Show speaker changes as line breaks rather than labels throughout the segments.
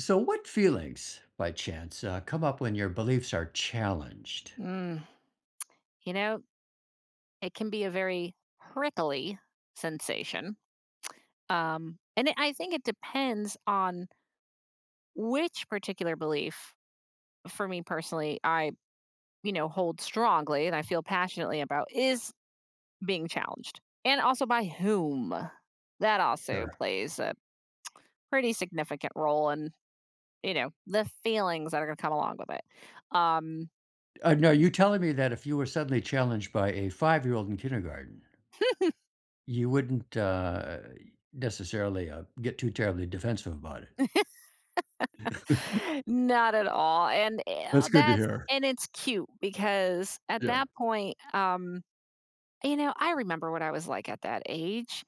So what feelings, by chance, uh, come up when your beliefs are challenged?
Mm. You know, it can be a very prickly sensation, um, and it I think it depends on which particular belief, for me personally, I, you know, hold strongly and I feel passionately about is being challenged. And, also by whom. That also
Sure.
plays a pretty significant role in, you know, the feelings that are gonna come along with it. Um
Uh, no, you're telling me that if you were suddenly challenged by a 5 year old in kindergarten. You wouldn't, uh necessarily, uh, get too terribly defensive about it.
Not at all, and, eh,
That's good to
that's
hear.
and it's cute, because at
Yeah.
that point, um You know, I remember what I was like at that age.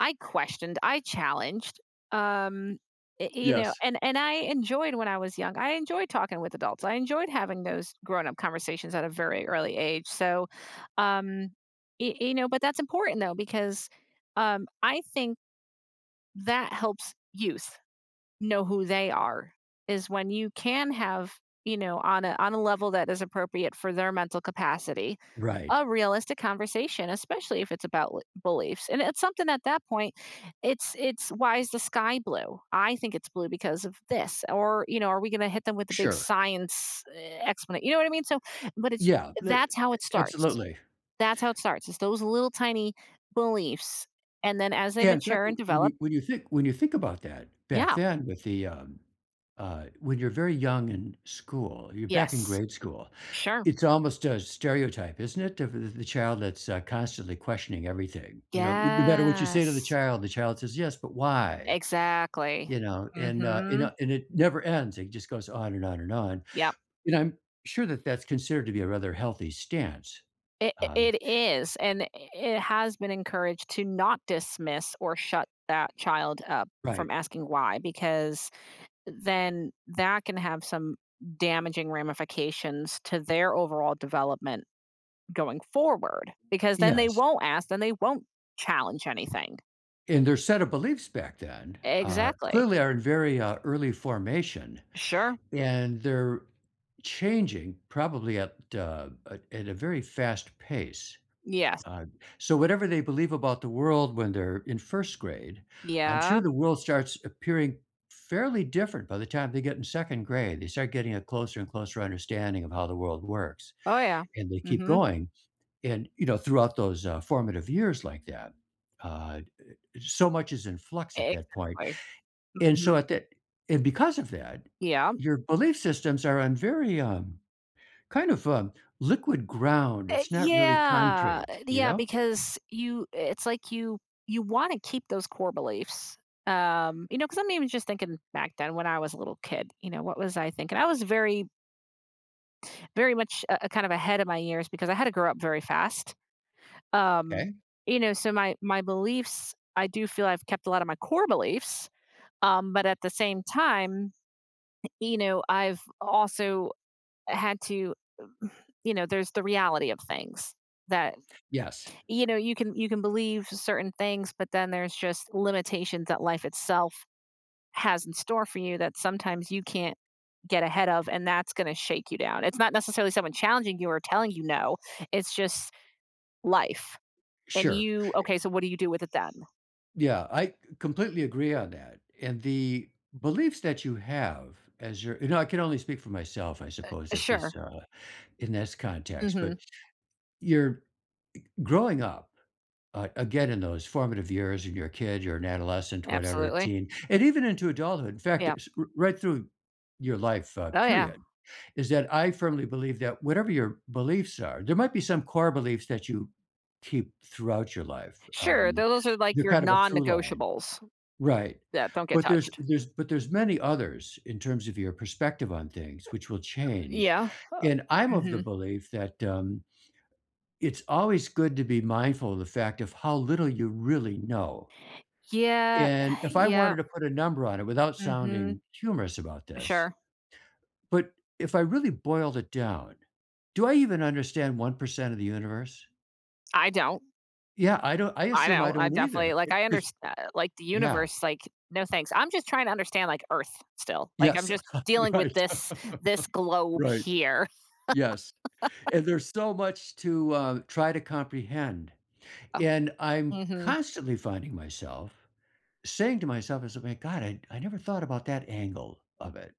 I questioned, I challenged. Um, i you know?
Yes.
And and I enjoyed when I was young, I enjoyed talking with adults. I enjoyed having those grown up conversations at a very early age. So, um, e e know, but that's important though, because, um, I think, that helps youth know who they are, is when you can have, you know, on a on a level that is appropriate for their mental capacity,
Right.
a realistic conversation, especially if it's about l beliefs. And it's something at that point, it's it's why is the sky blue? I think it's blue, because of this or, you know, are we gonna hit them with a big
Sure.
science e exponent, you know what I mean, so, but it's
Yeah, le a
that's how it starts,
absolutely.
that's how it starts, it's those little tiny beliefs. And then as they
Yeah, in fact,
mature and
w when
develop
you when you think when you think about that back
Yeah.
then with the, um, uh when you're very young in school you're back in
Yes.
grade school,
Sure.
it's almost a stereotype, isn't it, of the child that's, uh, constantly questioning everything? You know, would no matter what you say to the
Yes.
child, the child says, "Yes, but why?"
Exactly.
You know, and, uh, you know,
Mhm.
and it never ends, it just goes on, and on, and on,
Yep.
and I'm sure that that's considered to be a rather healthy stance,
It i
um
it is, and i it has been encouraged to not dismiss or shut that child up from
Right.
asking, "Why," because then that can have some damaging ramifications to their overall development going forward, because then they
Yes.
won't ask, then they won't challenge anything.
And their set of beliefs back then, uh,
Exactly.
clearly are in very, uh, early formation,
Sure.
and they're changing probably at a a at a very fast pace.
Yes.
Uh, so, whatever they believe about the world when they're in 1st grade, I'm sure
Yep.
the world starts appearing fairly different by the time they get in 2nd grade, they start getting a closer and closer understanding of how the world works,
Oh, yeah.
and they keep
Mhm.
going, and, you know, throughout those, uh, formative years like that, uh, d so much is in flux at that point.
Exactly.
And, so, at
Mhm.
that and, because of that,
Yeah.
your belief systems are on very, um kind of, um, liquid ground,
Eh
it's not really
yeah,
concrete,
eh
you
yeah,
know?
because you it's like you you wanna keep those core beliefs, um, you know, 'cause I'm even just thinking back then when I was a little kid, you know, what was I thinking? I was very very much, uh, kind of ahead of my years, because I had to grow up very fast. Um,
Okay.
you know, so, my my beliefs, I do feel I've kept a lot of my core beliefs, um, but at the same time, eh you know, I've also had to, you know, there's the reality of things that,
Yes.
you know, you can you can believe certain things, but then there's just limitations that life itself has in store for you that sometimes you can't get ahead of, and that's gonna shake you down, it's not necessarily someone challenging you or telling you no, it's just life. And
Sure, e
you okay, so, what do you do with it then?
B Yeah, I, uh, completely agree on that, and the beliefs that you have as your you know, I can only speak for myself, I suppose,
Eh
at this,
sure.
uh in this context,
Mhm.
but you're g growing up a again, in those formative years and you're a kid you're an adolescent, whatever,
Absolutely.
teen, and even into adulthood, in fact, uh,
Yep.
s r right through your life, uh,
Oh, yeah.
period is that I firmly believe that whatever your beliefs are, there might be some core beliefs that you keep throughout your life,
Sure,
um,
those are, like,
they're
your
kind of a through line
non-negotiables
right.
that don't get
But there's
touched.
there's, but there's many others in terms of your perspective on
Uh,
things which will change,
yeah,
and
uh,
I'm of the
mhm.
belief that, um, it's always good to be mindful of the fact of how little you really know.
Yeah.
And if I wanted
Yep.
to put a number on it without
Mhm.
sounding humorous about this,
Sure.
but if I really boiled it down, do I even understand 1% of the universe?
I don't.
Yeah, I don't I
I
assume I
don't, I
don't
definitely,
either.
like,
It
I
'cause
understa like, the
yeah.
universe, like no, thanks, I'm just trying to understand, like, Earth still, like, I'm
Yes.
just dealing with
Right.
this this globe
Right.
here.
Yes. And there's so much to, uh, try to comprehend.
Oh.
And I'm
Mhm.
constantly finding myself saying to myself as if, "My God, I I never thought about that angle of it,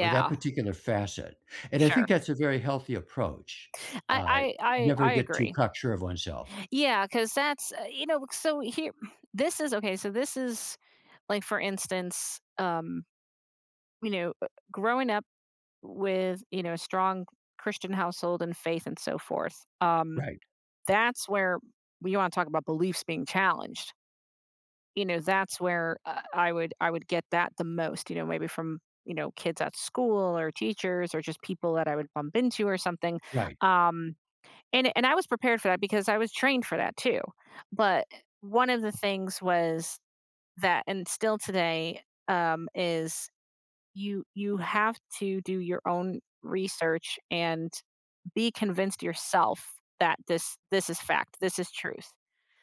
or that particular facet," and I think
Sure.
that's a very healthy approach,
I
uh,
I I
never
I
get too
agree.
cock sure of oneself.
Yeah, 'cause that's uh, you know, c uh, so, here this is okay, so, this is like, for instance, um you know, uh, growing up with, you know, a strong Christian household and faith and so forth, um,
Right.
that's where you wanna talk about beliefs being challenged. You know, that's where, uh, I would I would get that the most, you know, maybe from, you know, kids at school or teachers or just people that I would bump into or something.
Right.
Um. And and I was prepared for that because I was trained for that too. But, uh, one of the things was that and still today, um, is you you have to do your own research and be convinced yourself that this this is fact, this is truth,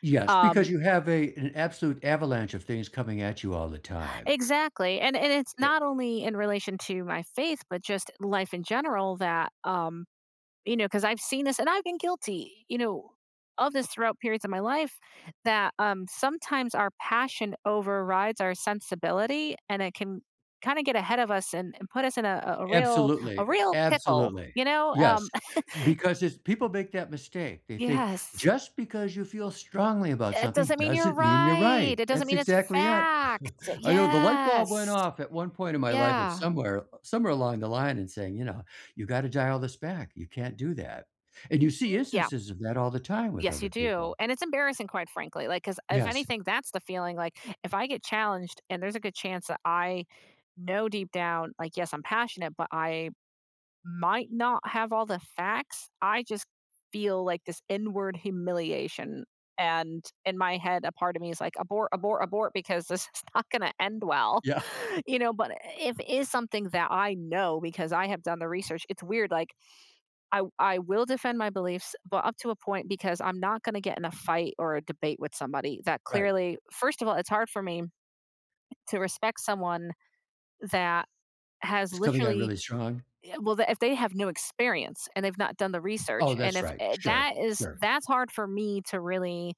Yes, because
um
you have a an absolute avalanche of things coming at you all the time.
Exactly, and and it's
Ye
not only in relation to my faith, but just life in general that um, you know, 'cause I've seen this, and I've been guilty, you know, of this throughout periods of my life that, um, sometimes our passion overrides our sensibility, and it can kinda get ahead of us and and put us in a a real a
Absolutely.
real pickle,
Absolutely.
you know,
Yes.
um
Because it's people make that mistake, they think
Yes.
just because you feel strongly about
It
something
doesn't mean you're
doesn't mean you're
right,
right,
it doesn't
that's
mean it's
exactly it.
fact,
I know the light bulb went
yes!
off at one point in my life at
Yeah.
somewhere somewhere along the line and saying, you know, "You gotta dial this back. You can't do that." And you see
Yeah.
instances of that all the time with
Yes, you
other
do,
people.
and it's embarrassing, quite frankly, like, 'cause if
Yes.
anything, that's the feeling, like, if I get challenged and there's a good chance that I know deep down, like, "Yes, I'm passionate, but I might not have all the facts," I just feel like this inward humiliation. And in my head, a part of me is, like, "Abort, abort, abort," because this is not gonna end well,
Yeah.
you know? But, if it is something that I know because I have done the research it's weird, like, I I will defend my beliefs, but up to a point, because I'm not gonna get in a fight or a debate with somebody that
Right.
clearly first of all, it's hard for me to respect someone that has
It's coming on
literally,
really strong?
y well, if they have no experience and they've not done the research
Oh,
and
that's
if
right,
i
sure,
that is
sure.
that's hard for me to really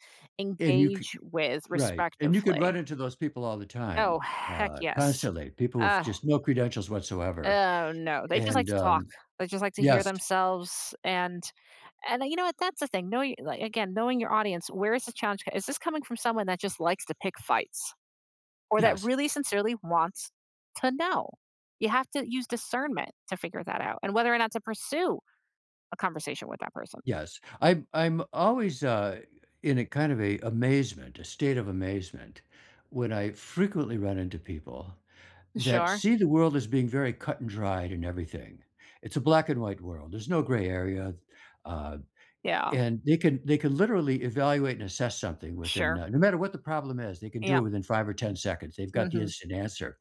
And you could
engage with
Right, and you could run
respectively.
into those people all the
Oh,
time,
heck
uh,
yes.
constantly, people with
Ugh.
just no credentials whatsoever,
Oh, no, they just like
and,
to talk.
um,
They just like to hear
yes.
themselves. And and then you know what, that's the thing, knowing li again, knowing your audience, where is the challenge c is this coming from someone that just likes to pick fights, or that
Yes.
really sincerely wants to know? You have to use discernment to figure that out and whether or not to pursue a conversation with that person.
Yes. I'm I'm always, uh, in a kind of a amazement, a state of amazement, when I frequently run into people that
Sure.
see the world as being very cut-and-dried and everything, it's a black and white world, there's no gray area, um,
Yeah.
and they can they can literally evaluate and assess something within,
Sure.
uh no matter what the problem is, they can do it
Yep.
within 5 or 10 seconds, they've got the
Mhm.
instant answer.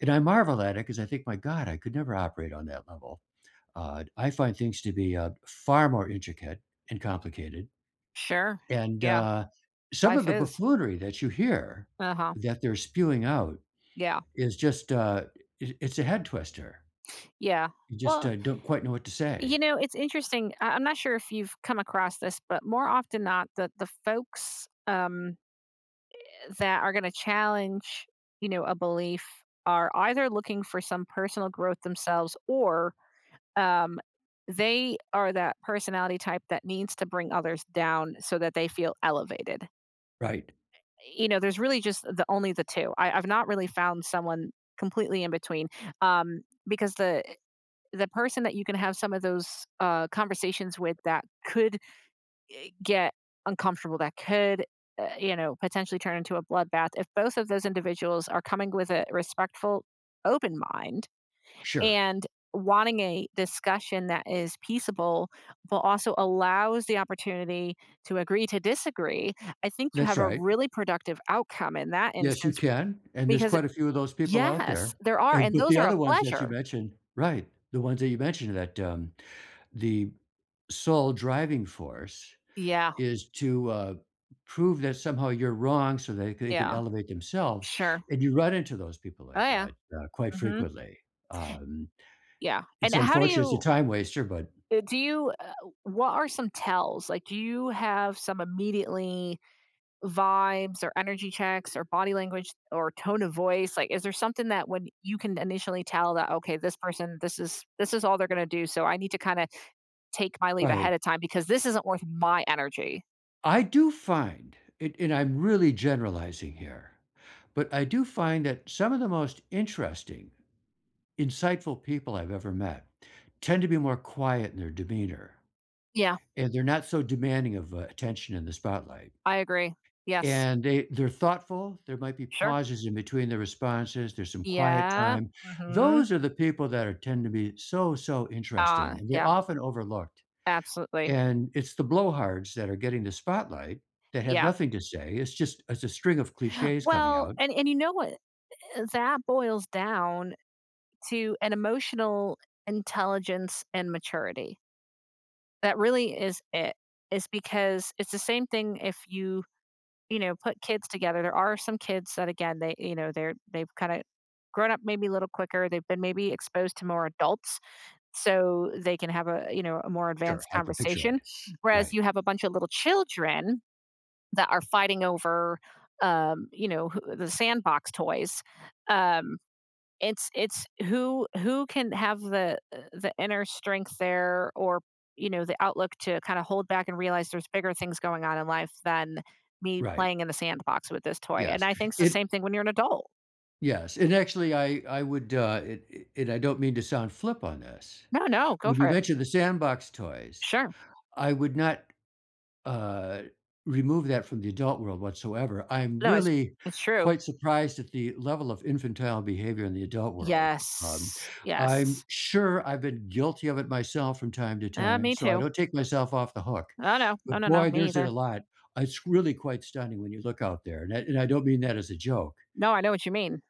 And I marvel at it, 'cause I think, "My God, I could never operate on that level," uh, I find things to be, uh, far more intricate and complicated.
Sure.
And,
Yeah.
uh, some
Life
of the
is.
buffoonery that you hear
Uh-huh.
that they're spewing out
Yeah.
is just a i it's a head twister.
Yeah.
You just,
Well
uh, don't quite know what to
you
say.
know, it's interesting, I I'm not sure if you've come across this, but more often not, the the folks, um, eh that are gonna challenge, you know, a belief are either looking for some personal growth themselves or, um, they are that personality type that needs to bring others down so that they feel elevated.
Right.
Eh, you know, there's really just the only the 2. I I've not really found someone completely in between, um, because the eh, the person that you can have some of those, uh, conversations with that could, eh, get uncomfortable, that could, uh, you know, potentially turn into a bloodbath, if both of those individuals are coming with a respectful, open mind
Sure.
and wanting a discussion that is peaceable, but also allows the opportunity to agree to disagree, I think you
That's
have a
right.
really productive outcome in that
Yes, you
instance
can. And there's
because
quite a few of those people out
Yes,
there.
there are,
And,
and
but
those
the
are a
other ones that you
pleasure.
mentioned Right, the ones that you mentioned that, um, the sole driving force
Yeah.
is to, uh, prove that somehow you're wrong, so, they they can
Yeah.
elevate themselves.
Sure.
And you run into those people
Oh,
like
yeah.
that, uh, quite
Mhm.
frequently. Um.
Yeah, and
It's
how do
unfortunate, it's a
you
time waster, but
uh, do you, uh what are some tells? Like, do you have some immediately vibes or energy checks, or body language, or tone of voice? Like, is there something that when you can initially tell that, "Okay, this person, this is this is all they're gonna do, so, I need to kinda take my leave ahead
Right.
of time because this isn't worth my energy."
I do find it- and I'm really generalizing here- but I do find that some of the most interesting, insightful people I've ever met tend to be more quiet in their demeanor,
Yeah.
and they're not so demanding of, uh, attention in the spotlight.
I agree. Yes.
And they they're thoughtful, there might be
Sure.
pauses in-between their responses, there's some quiet
Yeah.
time,
Mhm.
those are the people that are tend to be so, so
Ah.
interesting, and they're
Yeah.
often overlooked.
Absolutely.
And it's the blowhards that are getting the spotlight that have
Yeah.
nothing to say, it's just it's a string of cliches coming
Well,
out
and and you know what, eh, that boils down to an emotional intelligence and maturity. That really is it. It's because it's the same thing if you, you know, put kids together, there are some kids that, again, they, you know, they're they've kinda grown up maybe a little quicker, they've been maybe exposed to more adults so they can have a, you know, a more
Sure,
advanced
I can picture
conversation,
it.
whereas
Right.
you have a bunch of little children that are fighting over, um, you know, who the sandbox toys, um, it's it's who who can have the, uh, the inner strength there or, you know, the outlook to kinda hold back and realize there's bigger things going on in life than me
Right.
playing in the sandbox with this toy, and
Yes.
I think it's the
It
same thing when you're an adult.
Yes, and, actually, I I would, uh, it it and I don't mean to sound flip on this.
No, no, go
When
for
you
it.
mentioned the sandbox toys,
Sure.
I would not, uh, remove that from the adult world whatsoever, I'm
No, it's
really
it's true.
quite surprised at the level of infantile behavior in the adult world, um,
Yes,
I'm
Yes.
sure I've been guilty of it myself from time to
Uh,
time,
me
so I
too.
don't take myself off the hook.
Oh, no, no,
But,
no, no,
boy,
me
there's it a
either.
lot. I it's really quite stunning when you look out there, and I and I don't mean that as a joke.
No, I know what you mean.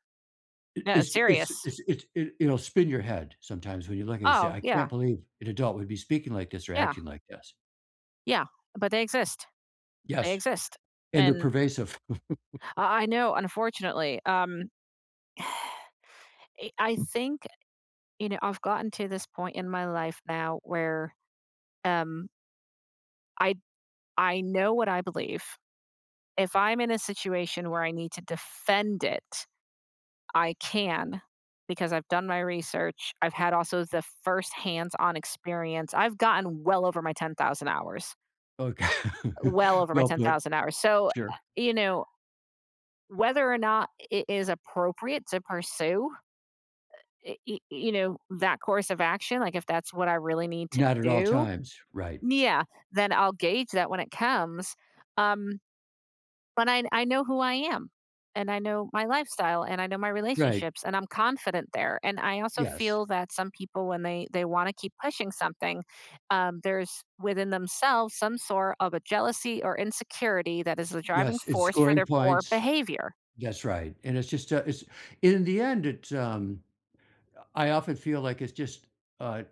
It
No,
it's
it's
ju it's ju
serious.
it's it it you know, spin your head sometimes when you look and you say,
Oh,
"I can't
yeah.
believe an adult would be speaking like this or
Yeah.
acting like this."
Yeah, but they exist they
Yes,
exist,
and they're
and
pervasive.
I I know, unfortunately, um, it uh, I think you know, I've gotten to this point in my life now where, um I I know what I believe. If I'm in a situation where I need to defend it, I can because I've done my research, I've had also the first hands on experience I've gotten well over my 10,000 hours.
Okay.
Uh, well over my
Well
ten
put.
thousand hours, so,
Sure.
uh, you know, whether or not it is appropriate to pursue, uh uh, it it you know, that course of action, like, if that's what I really need to
Not at all
do
times, right.
yeah, then I'll gauge that when it comes um, but I I know who I am, and I know my lifestyle, and I know my
Right.
relationships, and I'm confident there, and I also
Yes.
feel that some people when they they wanna keep pushing something um, there's within themselves some sort of a jealousy, or insecurity that is the driving
Yes, it's
force for
scoring
their poor
points
behavior.
that's right, and it's just, uh it's in the end, it's um, I often feel like it's just, uh,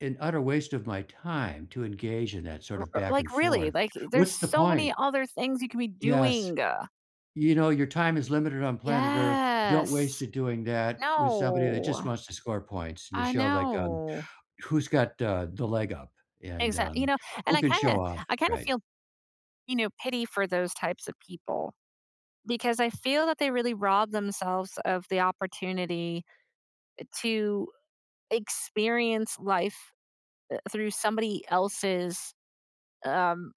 an utter waste of my time to engage in that sort
R
of
uh
back
like,
and
really
forth.
like, there's
What's the
so
point?
many other things you could be
Yes,
doing, uh.
you know, your time is limited on planet Earth, don't waste
Yes,
it doing that with somebody that just
no,
wants to score points, and to
I
show, like, um,
know.
who's got the the leg up and,
Exact you
um,
know, and
who
I
can show
kinda
off,
I kinda
right.
feel, you know, pity for those types of people because I feel that they really rob themselves of the opportunity to experience life, uh, through somebody else's, um,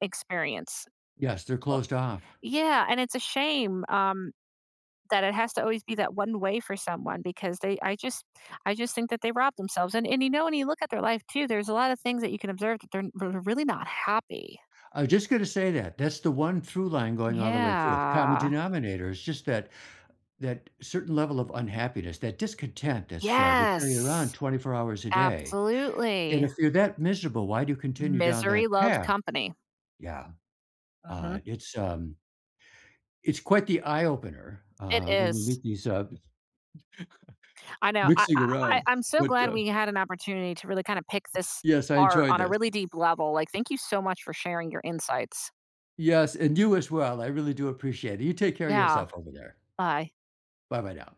experience,
Yes, they're
uh,
closed off.
yeah, and it's a shame, um, that it has to always be that one way for someone because they I just I just think that they rob themselves, and and, you know, when you look at their life too, there's a lot of things that you can observe that they're they're really not happy.
I was just gonna say that, that's the one true line going all the way through it, the common
Yeah.
denominator is just that that certain level of unhappiness, that discontent that's uh, they carry around
Yes,
24 hours a day, and
absolutely.
if you're that miserable, why do you continue down
Misery
that
loves
path?
company.
Yeah, uh,
Mhm.
it's um, it's quite the eye opener,
It
uh, when you
is.
meet these, um,
I know, I
mixing
I I
around
I'm so
but,
glad
uh
we had an opportunity to really kinda pick this
Yes, I
apart
enjoyed
on a
this.
really deep level, like, thank you so much for sharing your insights.
Yes, and you as well, I really do appreciate it, you take care of
Yeah,
yourself over there.
bye.
Bye-bye now.